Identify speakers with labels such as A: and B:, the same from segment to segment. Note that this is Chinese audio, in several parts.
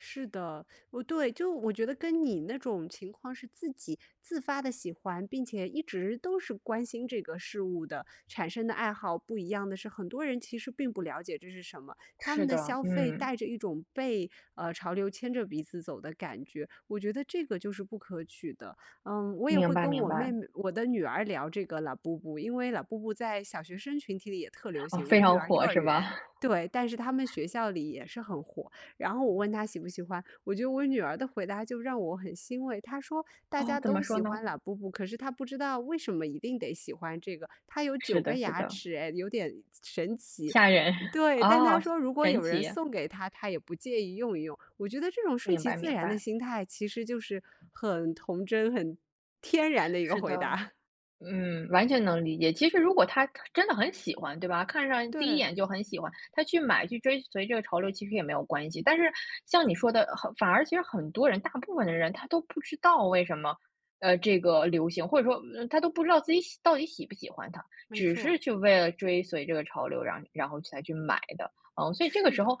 A: 是的，不对就我觉得跟你那种情况是自己自发地喜欢，并且一直都是关心这个事物的产生的爱好不一样的是，很多人其实并不了解这是什么。他们
B: 是
A: 的
B: 的，
A: 消费
B: 嗯。
A: 带着一种被，呃，潮流牵着鼻子走的感觉，我觉得这个就是不可取的。嗯，我也
B: 明
A: 会
B: 白
A: 跟
B: 明
A: 我妹
B: 白。
A: 妹我的女儿聊这个 Labubu，因为 Labubu 在小学生群体里也特流
B: 哦，
A: 行，
B: 非
A: 我女
B: 常
A: 儿幼
B: 火
A: 儿
B: 是吧？
A: 园对，但是他们学校里也是很火。然后我问她喜不喜欢，我觉得我女儿的回答就让我很欣慰。她说：“大
B: 哦，
A: 家
B: 怎么
A: 都
B: 说
A: 喜
B: 呢？
A: 欢 Labubu，可是她不知道为什么一定得喜欢这个，它有9
B: 是
A: 个
B: 的是
A: 牙
B: 的。
A: 齿诶，有点神奇。
B: 吓人，
A: “对，但她
B: 啊，神
A: 说如果
B: 神
A: 有人
B: 奇。
A: 送给她，她也不介意用一用。我觉得这种顺
B: 明
A: 其
B: 白
A: 自
B: 明
A: 然的
B: 白。
A: 心态，其实就是很童真、很天然的一个
B: 是的，
A: 回答。
B: 嗯，完全能理解。其实如果他他真的很喜欢，对吧，看上第一
A: 对。
B: 眼就很喜欢，他去买、去追随这个潮流，其实也没有关系。但是像你说的，呃，反而其实很多人大部分的人他都不知道为什么，呃，这个流行或者说，呃，他都不知道自己喜到底喜不喜欢它，
A: 没
B: 只
A: 错。
B: 是就为了追随这个潮流，然后然后才去买的。嗯，所以这个
A: 是
B: 时
A: 的。
B: 候，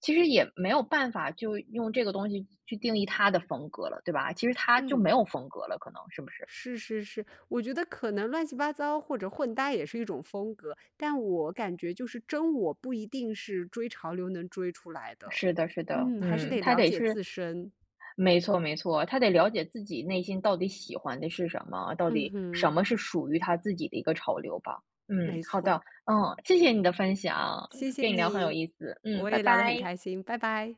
B: 其实也没有办法就用这个东西去定义他的风格了，对吧？其实他就没
A: 嗯。
B: 有风格了可能，是不是？
A: 是是是，我觉得可能乱七八糟或者混搭也是一种风格，但我感觉就是真我不一定是追潮流能追出来的。
B: 是的是的，
A: 嗯，还是
B: 嗯，
A: 得
B: 他
A: 了
B: 得
A: 解
B: 是
A: 自身。
B: 没错没错，他得了解自己内心到底喜欢的是什么，到
A: 嗯
B: 底什
A: 哼。
B: 么是属于他自己的一个潮流吧。嗯，
A: 没
B: 好的，
A: 错。
B: 嗯，谢谢你的分享，
A: 谢谢
B: 跟你聊很有
A: 你，
B: 意思，嗯，
A: 我
B: 拜
A: 也聊得很
B: 拜。
A: 开心，拜拜。